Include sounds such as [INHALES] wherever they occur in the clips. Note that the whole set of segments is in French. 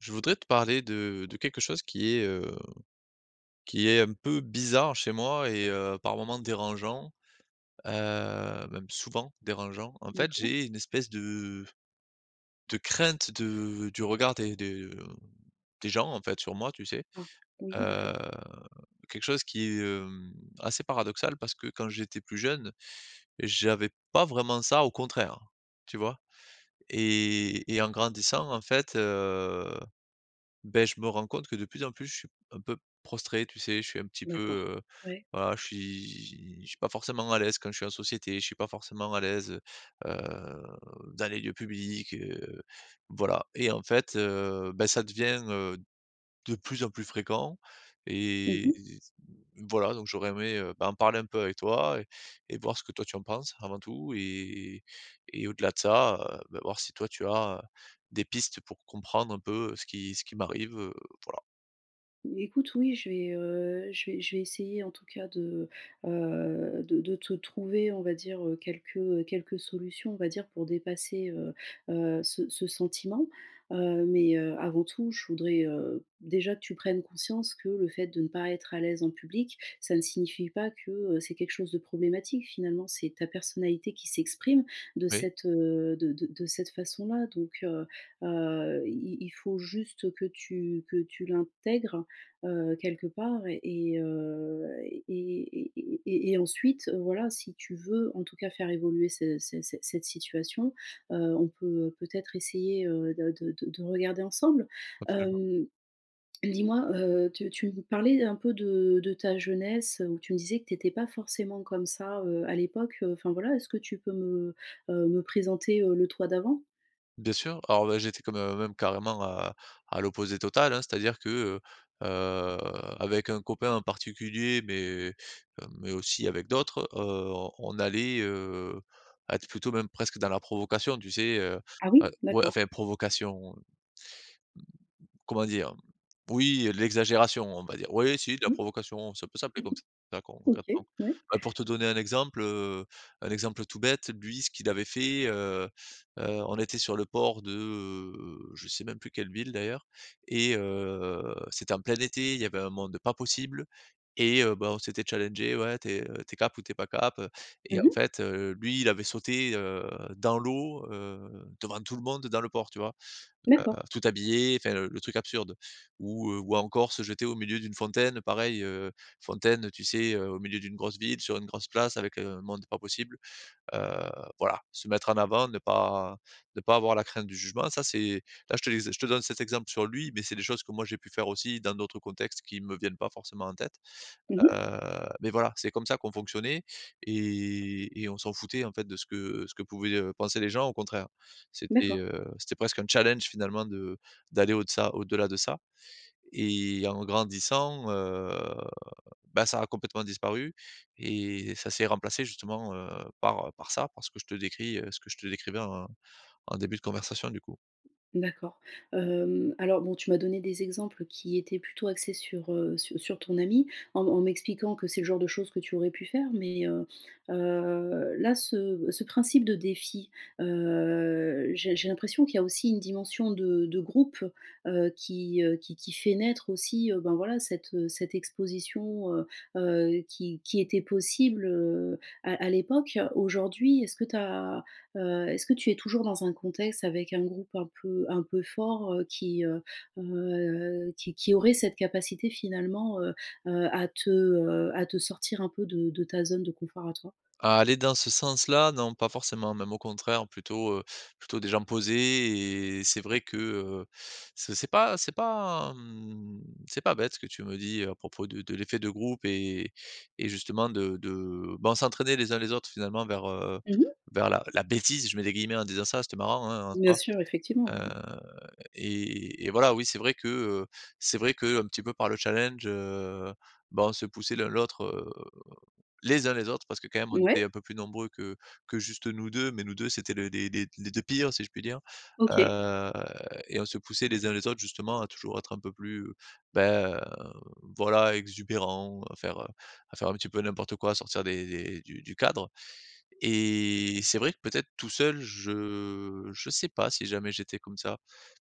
Je voudrais te parler de de quelque chose qui est, heu, qui est un peu bizarre chez moi et, heu, par moment dérangeant, heu, même souvent dérangeant. En fait, D'accord. j'ai une espèce de de crainte de du regard des de, mmh, des gens, en fait, sur moi, tu sais. Ah. Oui, Heu, d'accord. quelque chose qui est, heu, assez paradoxal parce que quand j'étais plus jeune, j'avais pas vraiment ça au contraire, tu vois? Et et en grandissant en fait, heu, beh, je me rends compte que de plus en plus je suis un peu prostré, tu sais. Je suis un petit peu, D'accord. heu, Ouais. voilà, je suis je suis pas forcément à l'aise quand je suis en société. Je suis pas forcément à l'aise, heu, heu, dans les lieux publics, heu, voilà. Et en fait, heu, bah, ça devient, heu, de plus en plus fréquent Mmh et, mh. voilà. Donc j'aurais aimé, heu, bah, en parler un peu avec toi et et voir ce que toi tu en penses avant tout. Et et et au-delà de ça, heu, bah, voir si toi tu as des pistes pour comprendre un peu ce qui ce qui m'arrive, heu, voilà. Écoute, oui, je vais, heu, je vais je vais essayer en tout cas, de, heu, de de te trouver, on va dire, heu, quelques, heu, quelques solutions, on va dire, pour dépasser, heu, heu, ce ce sentiment. Heu, mais, heu, avant tout, je voudrais, heu, déjà que tu prennes conscience que le fait de ne pas être à l'aise en public, ça ne signifie pas que, heu, c'est quelque chose de problématique. Finalement, c'est ta personnalité qui s'exprime de Oui. cette, heu, de de de cette façon-là, donc, heu, heu, il il faut juste que tu que tu l'intègres, heu, quelque part et, heu, et et et et et ensuite, heu, voilà, si tu veux, en tout cas, faire évoluer ce cet cette cette situation, heu, on peut peut-être essayer, heu, de de de de de regarder ensemble. Absolument. Hem, dis-moi, heu, tu tu me parlais un peu de de ta jeunesse, heu, où tu me disais que tu étais pas forcément comme ça, heu, à l'époque, heu, enfin, voilà. Est-ce que tu peux me, heu, me présenter, heu, le toi d'avant? Bien sûr, alors, ben, j'étais quand mê même carrément à à l'opposé total, hein, c'est-à-dire que, heu, heu, avec un copain en particulier, mais, heu, mais aussi avec d'autres, heu, on allait, heu, être plutôt même presque dans la provocation tu sais? Heu, Ah et oui? ouais, D'accord. enfin, provocation, heu, mmh, comment dire? Mmh, oui, heu, l'exagération, on va dire. Oui oui, si, de la Mmh. [CHUCKLES] provocation, ça peut s'appeler comme ça, d'accord OK, concrètement. ouais. [INHALES] Bah, pour te donner un exemple, heu, un exemple tout bête, lui, ce qu'il avait fait, heu, heu, on était sur le port de, heu, je sais même plus quelle ville, d'ailleurs et heu, c'était en plein été, il y avait un monde pas possible et heu, bah, on s'était challengés: «Ouais, t'es t'es cap ou t'es pas cap?», heu, et, en Mmh. fait, heu, lui il avait sauté, heu, dans l'eau, heu, devant tout le monde, dans le port, tu vois? Heu, D'accord. tout habillé, enfin, le truc absurde. Ou, heu, ou encore se jeter au milieu d'une fontaine, pareil, heu, fontaine, heu, tu sais, heu, au milieu d'une grosse ville, sur une grosse place, avec un monde pas possible. Heu, voilà, se mettre en avant, ne pas ne pas avoir la crainte du jugement ça c'est là je les je te donne cet exemple sur lui, mais c'est des choses que moi, j'ai pu faire aussi dans d'autres contextes, qui me viennent pas forcément en tête. Mmh mh. Heu, mais, voilà, c'est comme ça qu'on fonctionnait et et on s'en foutait, en fait, de ce que ce que pouvaient, heu, penser les gens, au contraire. C'était, D'accord. heu, c'était presque un challenge, finalement, de d'aller au de ça au-delà de ça et en grandissant, heu, bah, ça a complètement disparu et ça s'est remplacé, justement, heu, par, heu, par ça, parce que je te décris, heu, ce que je te décrivais en en début de conversation, du coup. D'accord. Hem, alors bon tu m'as donné des exemples qui étaient plutôt axés sur, heu, sur sur ton ami, en en m'expliquant que c'est le genre de choses que tu aurais pu faire, mais, heu, heu, là, ce ce principe de défi, heu, j'ai j'ai l'impression qu'il y a aussi une dimension de de groupe, heu, qui, heu, qui qui fait naître aussi, heu, ben, voilà, cette, heu, cette exposition, heu, heu, qui qui était possible, heu, à à l'époque. Aujourd'hui, est-ce que tu as, heu, est-ce que tu es toujours dans un contexte avec un groupe un peu un peu fort, heu, qui, heu, heu, qui qui aurait cette capacité, finalement, heu, heu, à te, heu, à te sortir un peu de de ta zone de confort, à toi? Aller dans ce sens-là non, pas forcément, même au contraire, plutôt, heu, plutôt des gens posés et c'est vrai que, heu, c'est c'est pas c'est pas, mmh, c'est pas bête, ce que tu me dis à propos de de l'effet de groupe et et justement, de de ben, on s'entraînait les uns les autres, finalement, vers, heu, heu, Mmh mh. vers la la bêtise. Je mets des guillemets en disant ça, c'était marrant, hein, en Bien soi, sûr, effectivement. Oui oui. heu et et voilà, oui, c'est vrai que, heu, c'est vrai qu'un petit peu par le challenge, heu, ben, on se poussait l'un l'autre, heu, les uns les autres, parce que, quand même, on était Ouais. un peu plus nombreux que que juste nous 2. Mais nous 2, c'étaient les les les les 2 pires, si je puis dire, OK. heu et on se poussait les uns les autres, justement, à toujours être un peu plus, ben, voilà, exubérants, à faire, heu, à faire un petit peu n'importe quoi. Sortir des des du du cadre et c'est vrai que, peut-être, tout seul, je je sais pas si jamais j'étais comme ça.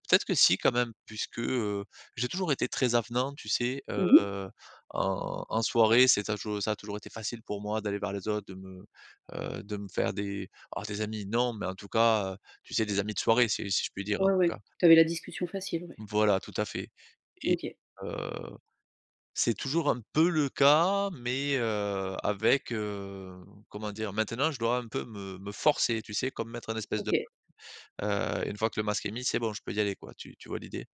Peut-être que si, quand même, puisque, heu, j'ai toujours été très avenant, tu sais? Heu, Mmh mh. en en soirée, c'est tadjou ça a toujours été facile pour moi d'aller vers les autres, de me, heu, de me faire des alors, des amis, non, mais, en tout cas, heu, tu sais, des amis de soirée, si si je puis dire, en Ouais tout ouais, cas. tu avais la discussion facile, ouais. Voilà, tout à fait et, OK. heu, c'est toujours un peu le cas, mais, heu, avec, heu, comment dire? Maintenant, je dois un peu me me forcer, tu sais? Comme mettre un espèce de, OK. [UNINTELLIGIBLE] heu, une fois que le masque est mis, c'est bon, je peux y aller, quoi. Tu tu vois l'idée?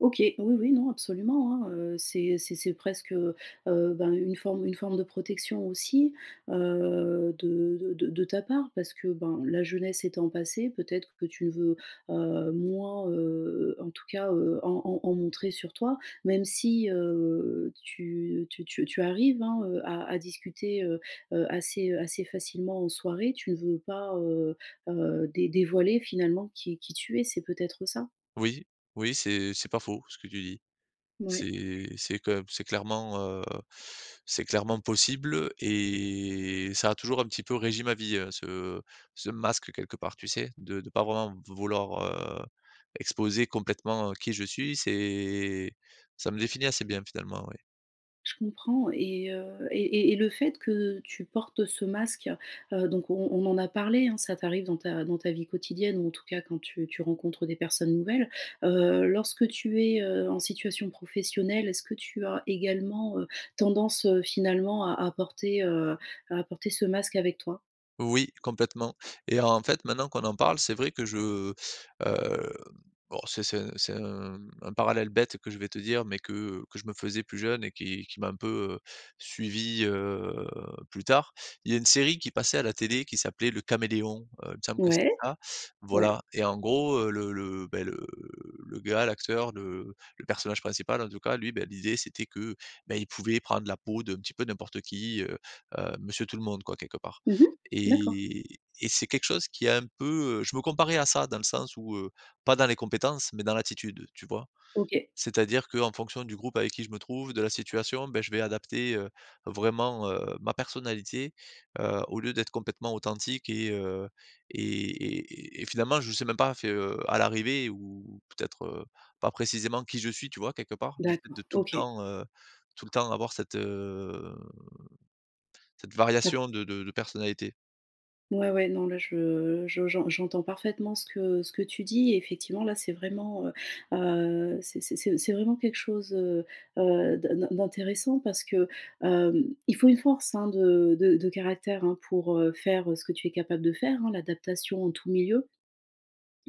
OK, oui oui, non, absolument, hein, heu, c'est c'est c'est presque, heu, heu, ben, une forme une forme de protection aussi, heu, de de de de ta part, parce que, ben, la jeunesse étant passée, peut-être que tu veux, heu, moins, heu, en tout cas, heu, en en en montrer sur toi. Même si, heu, tu tu tu tu arrives, hein, heu, à à discuter, heu, heu, assez, heu, assez facilement en soirée, tu veux pas, heu, heu, dé dévoiler, finalement, qui qui tu es, c'est peut-être ça? Oui. Oui, c'est c'est pas faux, ce que tu dis. Ouais. C'est c'est que b c'est clairement, heu, c'est clairement possible et ça a toujours un petit peu régi ma vie, heu, ce ce masque, quelque part, tu sais? De de pas vraiment m vouloir, heu, exposer complètement, heu, qui je suis c'est, ça me définit assez bien, finalement, oui. Je comprends, et heu, et et et le fait que tu portes ce masque, heu, donc, on on en a parlé, hein, ça t'arrive dans ta dans ta vie quotidienne ou, en tout cas, quand tu tu rencontres des personnes nouvelles. Heu, lorsque tu es, heu, en situation professionnelle, est-ce que tu as également, heu, tendance, heu, finalement, à à porter, heu, à apporter ce masque avec toi? Oui, complètement et en fait, maintenant qu'on en parle, c'est vrai que je, heu bon, c'est c'est c'est un, mmh, un parallèle bête que je vais te dire, mais que, heu, que je me faisais plus jeune et qui qui m'a un peu, heu, suivi, heu, plus tard. Il y a une série qui passait à la télé, qui s'appelait Le Caméléon, heu, il me semble que c'était Ouais, ça, ouais. voilà et en gros le le, bah, le le gars, l'acteur, le le personnage principal, en tout cas, lui, bah, l'idée c'était que, bah, il pouvait prendre la peau d'un petit peu n'importe qui, heu, heu, monsieur Tout-le-monde, quoi, quelque part Mmh mh, d'accord. et et c'est quelque chose qui a un peu, heu je me comparais à ça, dans le sens où, heu, pas dans les compétences, mais dans l'attitude, tu vois? OK. C'est à dire qu'en fonction du groupe avec qui je me trouve, de la situation, bah, je vais adapter, heu, vraiment, heu, ma personnalité, heu, au lieu d'être complètement authentique et heu, et et et et finalement, je sais même pas, enfin, heu, à l'arrivée ou ou peut-être, heu, pas précisément qui je suis. Tu vois quelque part? Du fait de D'accord, tout le OK. temps, heu, tout le temps avoir cette, heu, cette Bah variation de de de personnalité. Ouais, ouais, non, là, je, je j'en j'entends parfaitement ce que, heu, ce que tu dis. Effectivement, là, c'est vraiment, heu, heu, c'est c'est c'est vraiment quelque chose, heu, heu, d'in d'in d'intéressant parce que, hem, il faut une force, hein, de de de caractère, hein, pour, heu, faire, heu, ce que tu es capable de faire, hein, l'adaptation en tout milieu.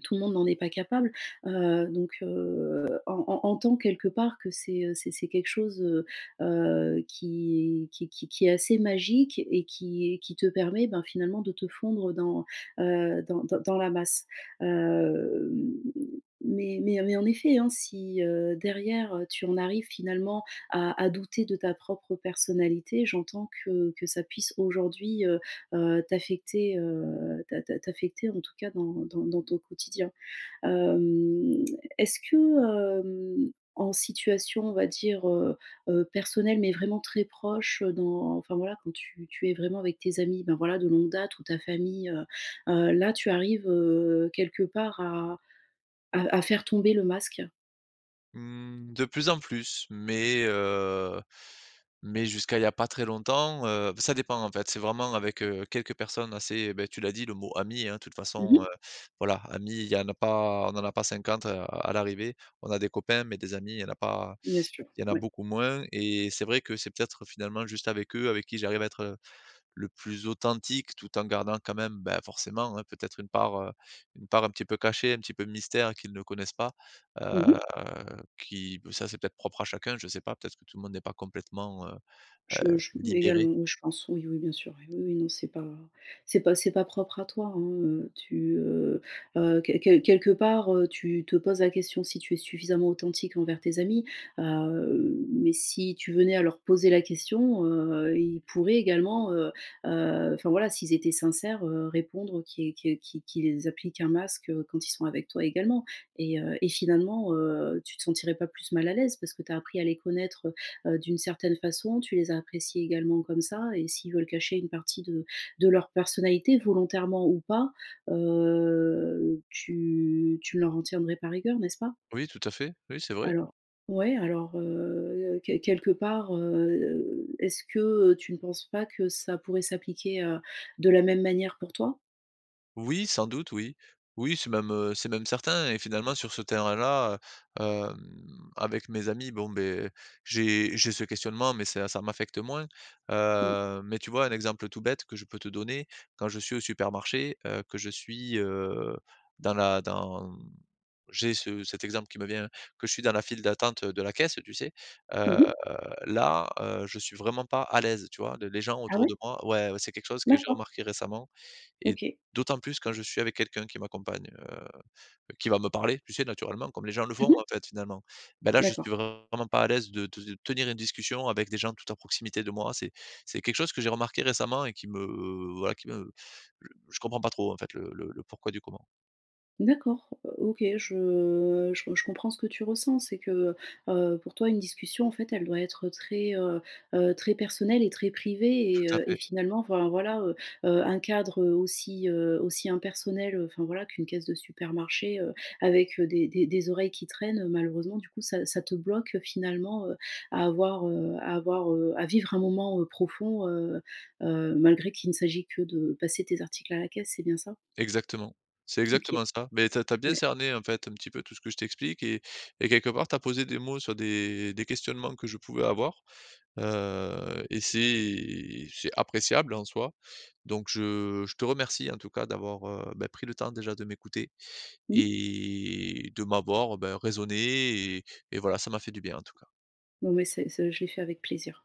Tout le monde n'en est pas capable, heu, donc, heu, en en entends quelque part que c'est, heu, c'est c'est, quelque chose, heu, heu, qui qui qui qui est assez magique et qui et qui te permet, ben, finalement, de te fondre dans, heu, dans, heu, dans la masse. Hem, mais mais mais, en effet, hein, si, heu, derrière, heu, tu en arrives, finalement à à douter de ta propre personnalité, j'entends que que ça puisse aujourd'hui, heu, heu, t'affecter, heu, t'a t'a t'affecter, en tout cas, dans dans dans ton quotidien. Hem, est-ce que, hem, en situation, on va dire, heu, heu, personnelle, mais vraiment très proche, heu, dans enfin, voilà, quand tu tu es vraiment avec tes amis, ben, voilà, de longue date ou ta famille, heu, heu, là, tu arrives, heu, quelque part, à à à faire tomber le masque? Mmh, de plus en plus. Mais, heu, mais jusqu'à il y a pas très longtemps, heu ça dépend en fait, c'est vraiment avec, heu, quelques personnes assez, beh, tu l'as dit le mot ami, hein. De toute Mmh façon, heu, mh. voilà, amis il y en a pas on en a pas 50 à à l'arrivée. On a des copains mais des amis il y en a pas Bien sûr. il y en a Ouais. beaucoup moins. Et c'est vrai que c'est peut-être finalement juste avec eux, avec qui j'arrive à être, le plus authentique tout en gardant quand même, beh, forcément hein, peut-être une part, heu, une part un petit peu cachée. Un petit peu mystère qu'ils ne connaissent pas. Mmh Heu, mh. qui heu, ça c'est peut-être propre à chacun je sais pas peut-être que tout le monde est pas complètement, heu heu, Je je libéré. également. Oui, je pense. Oui, oui. Bien sûr. Oui, oui. Non c'est pas c'est pas c'est pas propre à toi, hein. Heu, tu, heu heu, quel quel quelque part, heu, tu te poses la question si tu es suffisamment authentique envers tes amis. Heu, mais si tu venais à leur poser la question, heu, ils pourraient également, heu heu enfin voilà, s'ils étaient sincères, heu, répondre qu que qu'ils qu'ils appliquent un masque, heu, quand ils sont avec toi également. Et heu, et finalement, heu, tu te sentirais pas plus mal à l'aise. Parce ce que tu as appris à les connaître, heu heu, d'une certaine façon, tu les as appréciés également comme ça. Et s'ils veulent cacher une partie de de leur personnalité volontairement ou pas, heu, tu tu ne leur en tiendrais par rigueur, n'est-ce pas? Oui, tout à fait. Oui, c'est vrai. Alors, ouais. Alors, heu, quel quelque part, heu, est-ce que, heu, tu ne penses pas que ça pourrait s'appliquer, heu, de la même manière pour toi? Oui, sans doute oui. Oui c'est même, heu, c'est même certain. Et finalement, sur ce terrain-là, heu, hem, avec mes amis, bon, beh, j'ai j'ai ce questionnement mais ça ça m'affecte moins. Mmh. Heu, mais tu vois un exemple tout bête que je peux te donner. Quand je suis au supermarché, heu, que je suis, heu, dans la dans j'ai ce cet exemple qui me vient, que je suis dans la file d'attente de la caisse, tu sais? Mmh Heu, mh. là, heu, je suis vraiment pas à l'aise. Tu vois? Le les gens Ah autour ouais? de moi ouais c'est quelque chose que j'ai D'accord. remarqué récemment. Et OK. d'autant plus quand je suis avec quelqu'un qui m'accompagne, heu, qui va me parler, tu sais? Naturellement comme les gens le Mmh font en mh. fait finalement. Ben, là je D'accord. suis vraiment pas à l'aise de de te tenir une discussion avec des gens tout à proximité de moi. C'est c'est quelque chose que j'ai remarqué récemment et qui me, voilà qui me je comprends pas trop en fait le le le pourquoi du comment. D'accord. O OK, je, heu, je je comprends ce que tu ressens. C'est que, heu heu, pour toi une discussion en fait elle doit être très, heu heu, très personnelle et très privée. Et Tout à heu, et fait. finalement, enfin voilà, heu heu, un cadre, heu, aussi, heu, aussi impersonnel, enfin voilà qu'une caisse de supermarché, heu, avec, heu, des des des oreilles qui traînent. Malheureusement, du coup ça ça te bloque finalement, heu, à avoir, heu, à avoir, heu, à vivre un moment, heu, profond, heu heu, malgré qu'il ne s'agit que de passer tes articles à la caisse c'est bien ça? Exactement. C'est OK. exactement ça. Mais tu as tu as bien Ouais. cerné en fait un petit peu tout ce que je t'explique. Et et quelque part tu as posé des mots sur des des questionnements que je pouvais avoir. Heu, et c'est c'est appréciable en soi. Donc je je te remercie en tout cas d'avoir, heu, bah, pris le temps déjà de m'écouter. Mmh. Et de m'avoir, ben, raisonné et et voilà ça m'a fait du bien en tout cas. Non, mais c'est ce je l'ai fait avec plaisir.